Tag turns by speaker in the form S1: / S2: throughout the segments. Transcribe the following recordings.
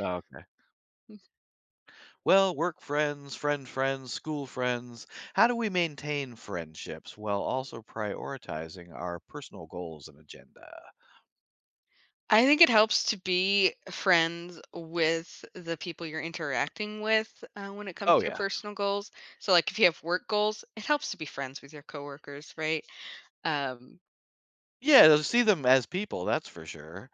S1: Oh, okay.
S2: Hmm.
S1: Well, work friends, friend friends, school friends, how do we maintain friendships while also prioritizing our personal goals and agenda?
S2: I think it helps to be friends with the people you're interacting with, uh, when it comes
S1: Oh,
S2: to your
S1: yeah.
S2: personal goals. So, like, if you have work goals, it helps to be friends with your coworkers, right? Um
S1: Yeah, they'll see them as people, that's for sure.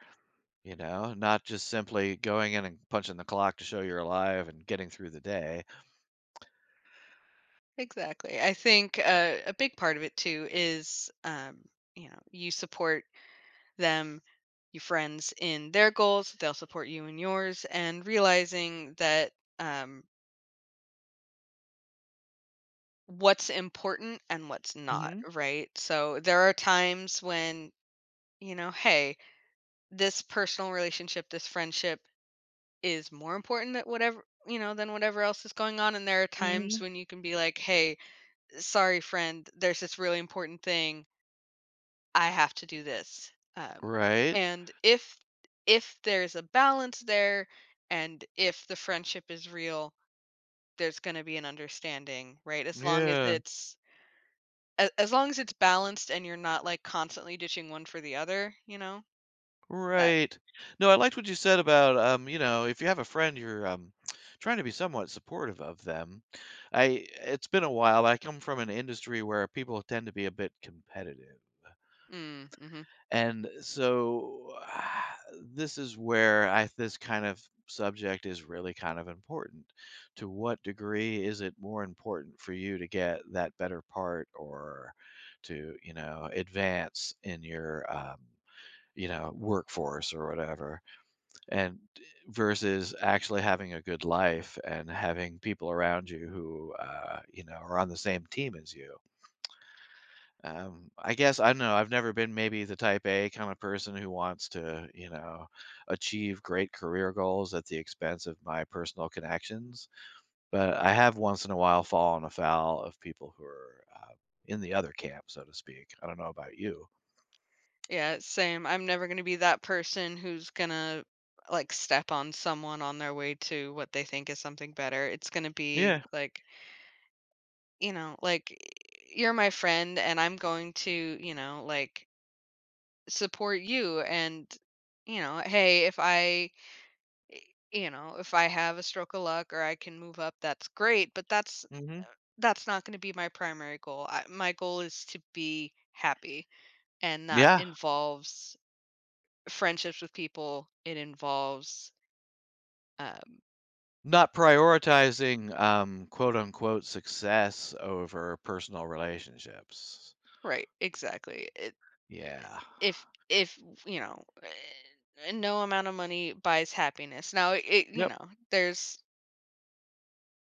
S1: You know? Not just simply going in and punching the clock to show you're alive and getting through the day.
S2: Exactly. I think a a big part of it too is, um, you know, you support them, your friends, in their goals, they'll support you in yours and realizing that, um what's important and what's not,
S1: Mhm.
S2: right? So there are times when, you know, "Hey, this personal relationship, this friendship, is more important tha whatever," you know, "than whatever else is going on." And there are times
S1: Mhm.
S2: when you can be like, "Hey, sorry, friend. There's this really important thing." I have to do this. Um,
S1: Right.
S2: and if if there's a balance there and if the friendship is real, there's gonna be an understanding, right? As long as
S1: Yeah.
S2: it's a as long as it's balanced and you're not, like, constantly ditching one for the other, you know, that
S1: Right. No, I liked what you said about, um, you know, if you have a friend, you're, um, trying to be somewhat supportive of them. I eh, it's been a while. I come from an industry where people tend to be a bit competitive
S2: Mm. Mhm.
S1: and so, this is where I this kind of subject is really kind of important. To what degree is it more important for you to get that better part or to, you know, advance in your, um, you know, workforce or whatever? And, eh versus actually having a good life and having people around you who, uh, you know, are on the same team as you? Um, I guess, I don't know, I've never been maybe the type A kinda person who wants to, you know, achieve great career goals at the expense of my personal connections, but I have once in a while fallen afoul of people who are, uh, in the other camp, so to speak. I don't know about you.
S2: Yeah, same. I'm never gonna be that person who's gonna, like, step on someone on their way to what they think is something better. It's gonna be,
S1: Yeah.
S2: like you know, like, eh, you're my friend, and I'm going to, you know, like support you, and, you know, hey, if I, eh you know, if I have a stroke of luck or I can move up, that's great, but that's uh,
S1: Mhm.
S2: that's not gonna be my primary goal. I my goal is to be happy, and that
S1: Yeah.
S2: involves friendships with people. It involves Um
S1: Not prioritizing, um, quote unquote, “success” over personal relationships.
S2: Right. Exactly. It,
S1: Yeah.
S2: eh, if if, you know, er, no amount of money buys happiness. Now i it you
S1: Yep.
S2: know, there's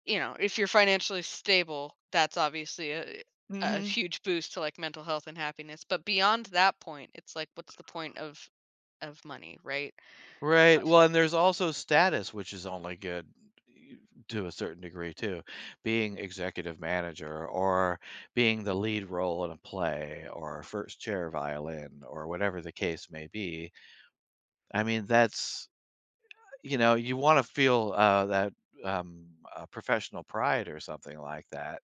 S2: you know, if you're financially stable, that's obviously a a
S1: Mhm.
S2: huge boost to, like, mental health and happiness. But beyond that point, it's like, what's the point of of money? Right?
S1: Right.
S2: [unintelligible]
S1: Well and there's also status, which is only good, eh, to a certain degree too, being executive manager or being the lead role in a play or first chair violin or whatever the case may be. I mean, that's, you know, you wanna feel, uh, that, um, uh, professional pride or something like that.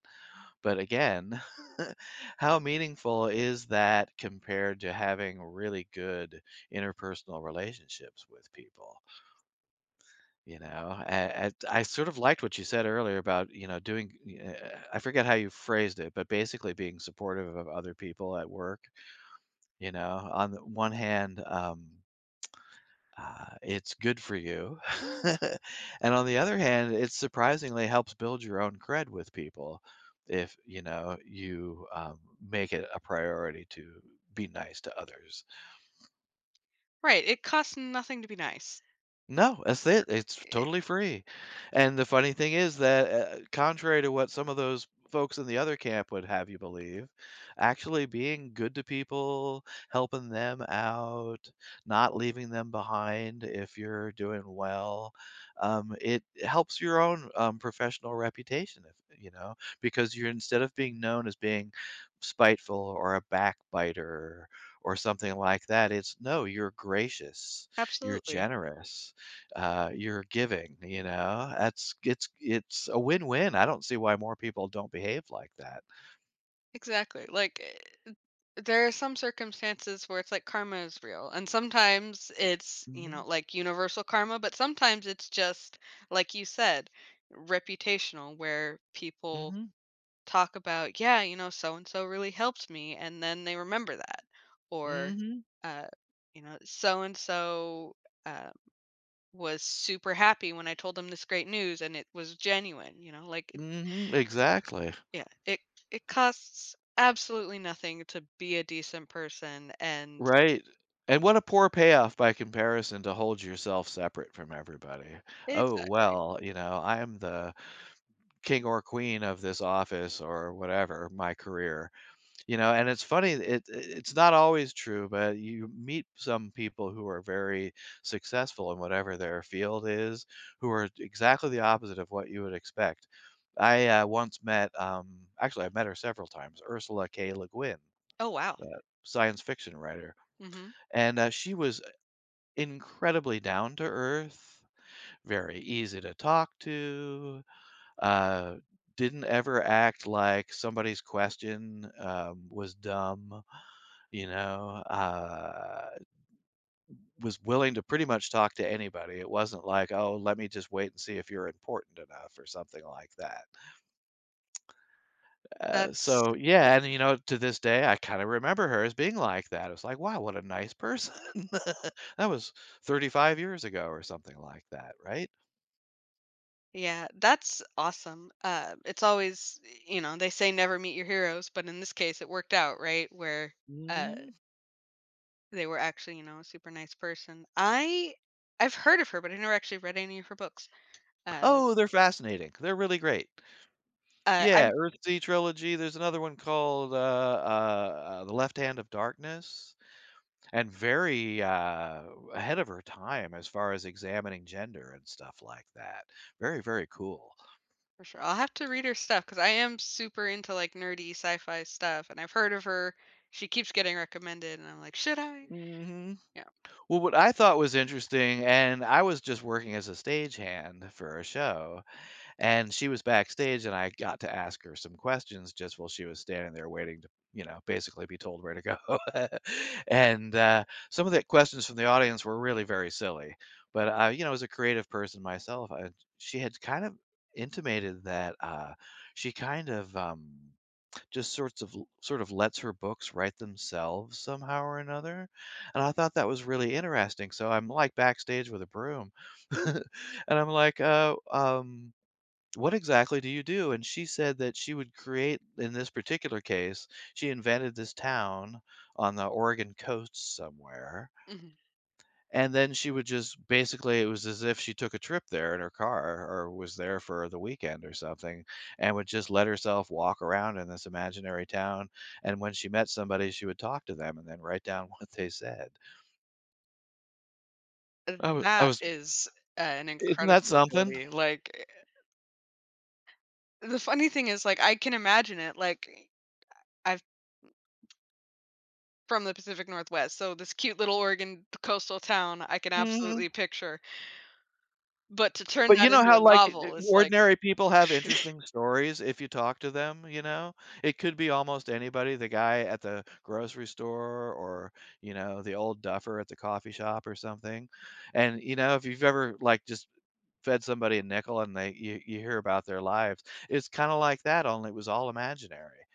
S1: But, again, how meaningful is that compared to having really good interpersonal relationships with people? You know? A and I sort of liked what you said earlier about, you know, doing, e a a, I forget how you phrased it, but basically being supportive of other people at work. You know? On th one hand, um, uh, it's good for you. And on the other hand, it surprisingly helps build your own cred with people if, you know, you, um, make it a priority to be nice to others.
S2: Right, it cost nothing to be nice.
S1: No, that's it, it's
S2: Or i
S1: totally free, and the funny thing is that, u uh, contrary to what some of those folks in the other camp would have you believe actually being good to people, helping them out, not leaving them behind if you're doing well, um, it helps your own, um, professional reputation if you know, because you're instead of being known as being spiteful or a backbiter or something like that, it's, no, you're gracious, you're
S2: Absolutely.
S1: generous, uh, you're giving, you know? That's it's it's a win-win. I don't see why more people don't behave like that.
S2: Exactly. Like, eh, th there are some circumstances where it's, like, karma is real and sometimes it's, you know,
S1: Mhm.
S2: like, universal karma, but sometimes it's just, like you said, reputational where people
S1: Mhm.
S2: talk about, "Yeah, you know, so-and-so really helped me," and then they remember that, or,
S1: Mhm.
S2: uh, you know, "So-and-so," um, "was super happy when I told them this great news, and it was genuine," you know? Like, i
S1: Mhm, exactly.
S2: Yeah, it it costs absolutely nothing to be a decent person and
S1: Right, and what a poor payoff by comparison to hold yourself separate from everybody. "Oh,
S2: Exactly.
S1: well, you know, I am the king or queen of this office or, whatever, my career." You know, and it's funny, it i it's not always true, but you meet some people who are very successful in whatever their field is, who are exactly the opposite of what you would expect. I, uh, once met, um actually, I've met her several times, Ursula K. Le Guin,
S2: Oh, wow.
S1: the science fiction writer,
S2: Mhm.
S1: and, uh, she was, uh, incredibly down-to-earth, very easy to talk to, uh, didn't ever act like somebody's question, um, was dumb, you know, uh, was willing to pretty much talk to anybody. It wasn't like, "Oh, let me just wait and see if you're important enough," or something like that. Uh,
S2: That's
S1: so
S2: yeah.
S1: yeah and, you know, to this day, I kinda remember her as being like that. I was like, "Wow, what a nice person." That was 35 years ago or something like that, right?
S2: Yeah, that's awesome, uh, it's always, y you know, they say "Never meet your heroes," but in this case, it worked out, right, where, uh
S1: Mm.
S2: they were actually, you know, a super nice person I I've heard of her, but I never actually read any of her books, uh
S1: Oh, they're fascinating, they're really great.
S2: uh,
S1: Yeah,
S2: I'm
S1: Earthsea trilogy, there's another one called, uh uh uh, The Left Hand Of Darkness, and very, uh, ahead of her time as far as examining gender and stuff like that, very, very cool.
S2: For sure, I'll have to read her stuff 'cause I am super into, like, nerdy sci-fi stuff, and I've heard of her, she keeps getting recommended, and I'm like, "Should I?"
S1: Mhm,
S2: Yeah.
S1: well, what I thought was interesting and I was just working as a stagehand for a show, and she was backstage, and I got to ask her some questions just while she was standing there waiting to, you know, basically be told where to go. And, uh, some of the questions from the audience were really very silly, but, uh, you know, as a creative person myself, I she had kind of intimated that, uh, she kind of, um, just sorts of l sort of lets her books write themselves, somehow or another? And I thought that was really interesting, so I'm, like, backstage with a broom, and I'm like, uh, um, "What exactly do you do?" And she said that she would create in this particular case, she invented this town on the Oregon Coast somewhere.
S2: Mhm.
S1: And then she would just basically, it was as if she took a trip there in her car or was there for, uh, the weekend or something, and would just let herself walk around in this imaginary town, and when she met somebody, she would talk to them and then write down what they said. I wa I
S2: That
S1: was
S2: is an
S1: Isn't that
S2: incredible
S1: something?
S2: ability, like, eh the funny thing is, like, I can imagine it, like, I I've from the Pacific Northwest. So this cute little Oregon coastal town, I can
S1: Mhm.
S2: absolutely picture but to turn
S1: But you
S2: that
S1: know
S2: into
S1: how,
S2: a
S1: like, eh
S2: novel, it's like
S1: ordinary people have interesting stories if you talk to them, you know? It could be almost anybody, the guy at the grocery store or, you know, the old duffer at the coffee shop or something, and, you know, if you've ever, like, just fed somebody a nickel and they you you hear about their lives, it's kinda like that only it was all imaginary.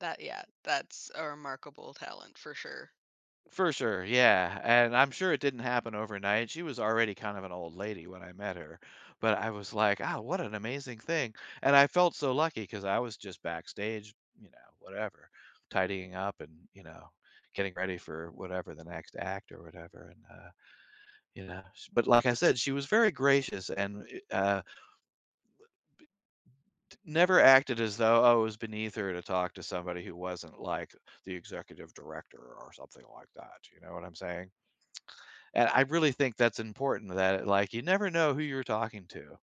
S2: That yeah, that's a remarkable talent for sure.
S1: For sure, yeah, and I'm sure it didn't happen overnight, she was already kind of an old lady when I met her, but I was like, "Ah, what an amazing thing," and I felt so lucky 'cause I was just backstage, you know, whatever, tidying up and, you know, getting ready for whatever, the next act or whatever, and, uh, you know? But like I said, she was very gracious and i uh, w b t never acted as though, oh, it was beneath her to talk to somebody who wasn't like the executive director or something like that, you know what I'm saying? And I really think that's important that, like, you never know who you're talking to.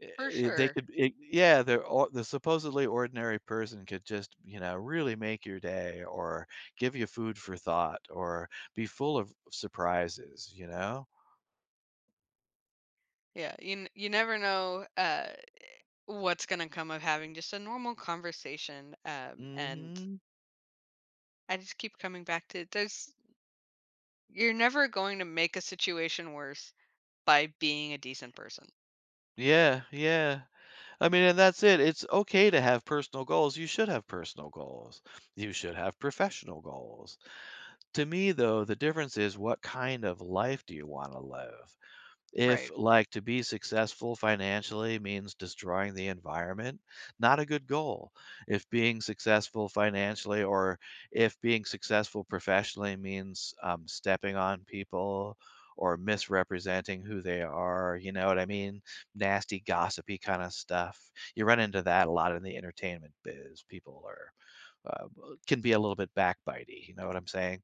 S1: Eh
S2: For
S1: eh they
S2: sure.
S1: could eh yeah, they're or the supposedly ordinary person could just, you know, really make your day or give you food for thought or be full of surprises, you know?
S2: Yeah, you n you never know, uh, what's gonna come of having just a normal conversation, um, and
S1: Mhm.
S2: I just keep coming back to there's you're never going to make a situation worse by being a decent person.
S1: Yeah, yeah. I mean, and that's it, it's okay to have personal goals, you should have personal goals. You should have professional goals. To me, though, the difference is what kind of life do you wanna live. If,
S2: Right.
S1: like, to be successful financially means destroying the environment, not a good goal. If being successful financially or if being successful professionally means, um, stepping on people or misrepresenting who they are, you know what I mean? Nasty, gossipy kinda stuff. You run into that a lot in the entertainment biz, people are, um, uh can be a little bit backbitey, you know what I'm saying?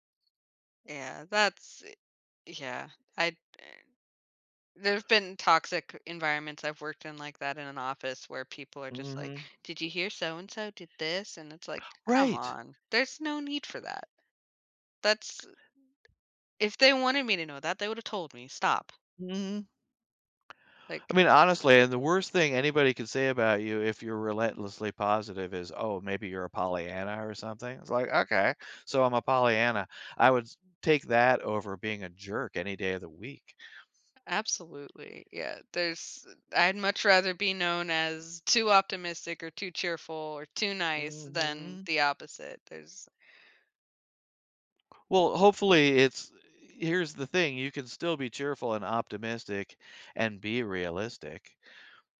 S2: Yeah, that's i yeah. I've been there've been toxic environments I've worked in like that, in an office, where people are just like,
S1: Mhm.
S2: "Did you hear so-and-so did this?" And it's like, "Come
S1: Right.
S2: on, there's no need for that, that's If they wanted me to know that, they would have told me, stop."
S1: Mm. I
S2: Like
S1: mean, honestly, the worst thing anybody could say about you if you're relentlessly positive is, "Oh, maybe, you're a Pollyanna or something." It's like, "Okay, so I'm a Pollyanna, I would take that over being a jerk any day of the week."
S2: Absolutely, yeah, there's I'd much rather be known as too optimistic or too cheerful or too nice than
S1: Mhm.
S2: the opposite. There's
S1: Well, hopefully, it's here's the thing, you can still be cheerful and optimistic and be realistic.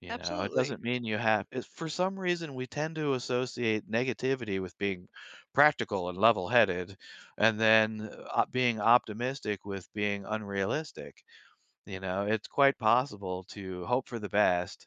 S1: You know? It
S2: Absolutely.
S1: doesn't mean you have eh, for some reason, we tend to associate negativity with being practical and levelheaded and then op being optimistic with being unrealistic, you know? It's quite possible to hope for the best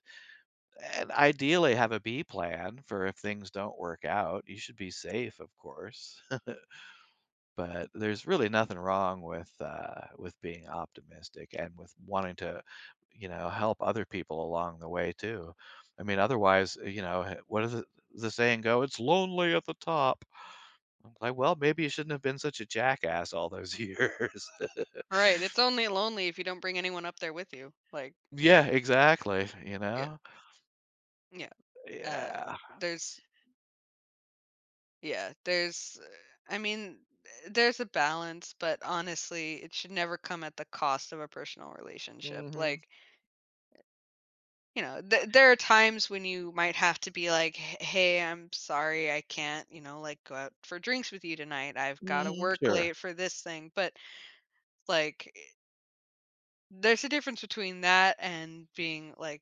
S1: and ideally have a B plan for if things don't work out, you should be safe, of course. But there's really nothing wrong with, uh with being optimistic and with wanting to, you know, help other people along the way too. I mean, otherwise, you know, he what is it the saying go, "It's lonely at the top." An like, well, maybe you shouldn't have been such a jackass all those years.
S2: Right, it's only lonely if you don't bring anyone up there with you, like
S1: Yeah, exactly, you
S2: Yeah.
S1: know?
S2: Yeah, uh,
S1: Yeah.
S2: there's Yeah, there's, eh, I mean, eh, there's a balance, but, honestly, it should never come at the cost of a personal relationship.
S1: Mhm.
S2: Like you know, there there are times when you might have to be like, "H Hey, I'm sorry, I can't, you know, like, go out for drinks with you tonight, I've gotta
S1: Mhm.
S2: work
S1: Sure.
S2: late for this thing." But, like, eh there's a difference between that and being, like,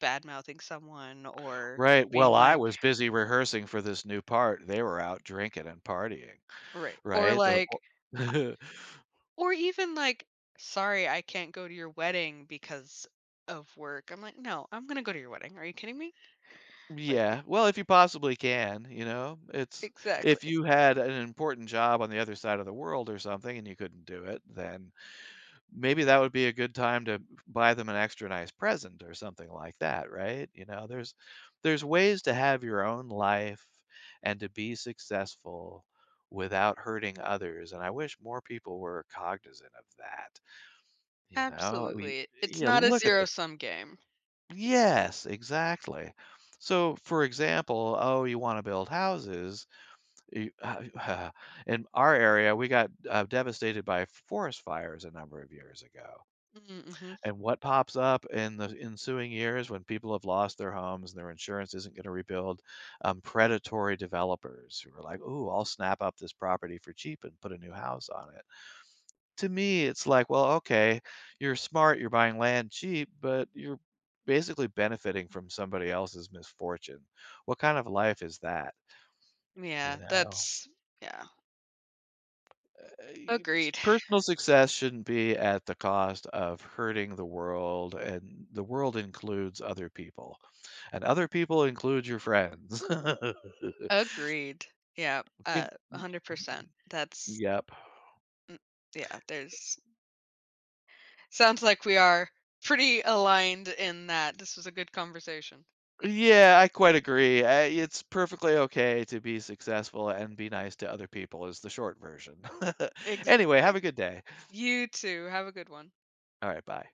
S2: bad-mouthing someone or
S1: Right. Well,
S2: being
S1: I
S2: like
S1: was busy rehearsing for this new part. They were out drinking and partying.
S2: Right. Or,
S1: Right? [unintelligible]
S2: like, I or even, like, "Sorry, I can't go to your wedding because of work." I'm like, "No, I'm gonna go to your wedding, are you kidding me?" Like
S1: Yeah. Well, if you possibly can. You know? It's if
S2: Exactly.
S1: you had an important job on the other side of the world or something and you couldn't do it, then maybe that would be a good time to b buy them an extra nice present or something like that, right? You know? There's there's ways to have your own life and to be successful without hurting others, and I wish more people were cognizant of that. You know? We,
S2: Absolutely.
S1: eh,
S2: It's
S1: yeah,
S2: not a
S1: look at the
S2: zero-sum game.
S1: Yes, exactly. So, for example, "Oh, you wanna build houses, you uh e uh In our area, we got, uh, devastated by f forest fires a number of years ago.
S2: Mm, mhm.
S1: And what pops up in the ensuing years when people have lost their homes and their insurance isn't gonna rebuild, um, predatory developers who were like, "Ooh, I'll snap up this property for cheap and put a new house on it." To me, it's like, "Well, okay. You're smart, you're buying land cheap, but you're basically benefiting from somebody else's misfortune." What kind of life is that? You
S2: Yeah.
S1: know?
S2: That's yeah.
S1: Uh e e
S2: Agreed.
S1: Personal success shouldn't be at the cost of hurting the world, and the world includes other people. And other people include your friends.
S2: Agreed. Yep, uh, a
S1: [unintelligible]
S2: hundred percent. That's
S1: Yep.
S2: M yeah, there's Sounds like we are pretty aligned in that. This was a good conversation.
S1: Yeah. I quite agree. I It's perfectly okay to be successful and be nice to other people is the short version. Anyway, have
S2: Exactly.
S1: a good day.
S2: You too, have a good one.
S1: Alright, bye.